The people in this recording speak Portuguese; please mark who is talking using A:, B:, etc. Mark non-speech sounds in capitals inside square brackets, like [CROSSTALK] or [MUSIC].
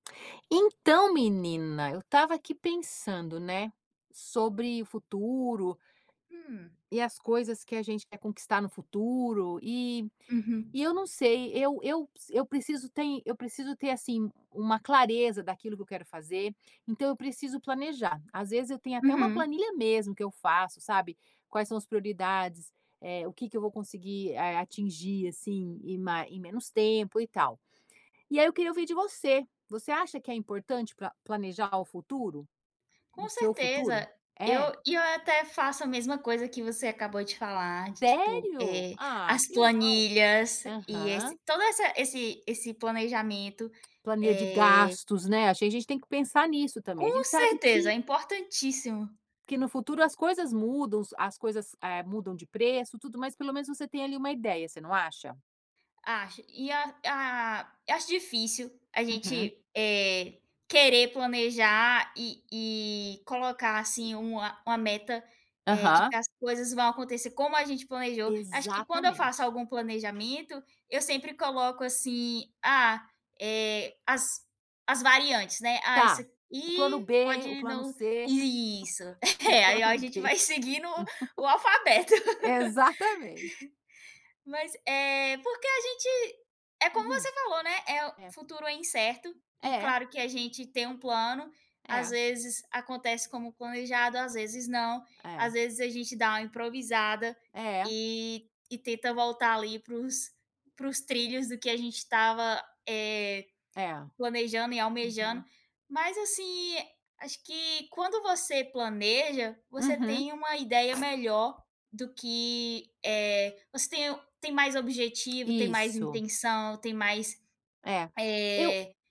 A: Então menina, eu estava aqui pensando, né, sobre o futuro
B: Hum.
A: e as coisas que a gente quer conquistar no futuro e
B: Uhum.
A: e eu não sei, eu eu p eu preciso tem eu preciso ter, assim, uma clareza daquilo que eu quero fazer, então eu preciso planejar. Às vezes eu tenho até uma
B: Uhum.
A: planilha mesmo que eu faço, sabe. Quais são as prioridades, eh, o que que eu vou conseguir, eh, atingir, assim, em ma em menos tempo e tal. E aí eu queria ouvir de você, você acha que é importante pra planejar o futuro? No
B: Com
A: seu futuro?
B: certeza, eu
A: É?
B: e eu até faço a mesma coisa que você acabou de falar de, tipo,
A: Sério?
B: eh,
A: Ah,
B: as
A: que legal.
B: planilhas e esse
A: Aham.
B: toda essa esse esse planejamento,
A: Planilha de
B: eh
A: gastos, né, acho que a gente tem que pensar nisso também,
B: Com
A: gente sabe
B: certeza, é
A: que
B: importantíssimo!
A: que no futuro as coisas mudam, os as coisas, eh, mudam de preço, tudo, mas pelo menos você tem ali uma ideia, você não acha?
B: Acho e a ah, acho difícil a
A: Uhum.
B: gente, eh, querer planejar e e colocar, assim, uma uma meta, eh, de
A: Aham.
B: que as coisas vão acontecer como a gente planejou. Acho que quando eu faço
A: Exatamente.
B: algum planejamento, eu sempre coloco, assim, ah, eh, as as variantes, né, "ah, isso
A: Tá, o plano
B: aqui
A: B, o
B: pode
A: plano
B: não"
A: C,
B: isso.
A: [LAUGHS] o
B: [LAUGHS] É, aí
A: plano
B: a gente
A: D.
B: vai seguindo o o alfabeto.
A: [LAUGHS] Exatamente.
B: [LAUGHS] Mas, eh, porque a gente é como
A: Uhum.
B: você falou, né, eh, o
A: É.
B: futuro é incerto e
A: É.
B: claro que a gente tem um plano, às
A: É.
B: vezes acontece como planejado, às vezes não.
A: É.
B: Às vezes a gente dá uma improvisada
A: É.
B: e e tenta voltar ali para os para os trilhos do que a gente estava, eh,
A: É,
B: planejando e almejando.
A: uhum.
B: Mas, assim, acho que quando você planeja, você
A: Uhum.
B: tem uma ideia melhor do que, eh você tem tem mais objetivo, tem mais
A: Isso.
B: intenção, tem mais,
A: É, eu
B: eh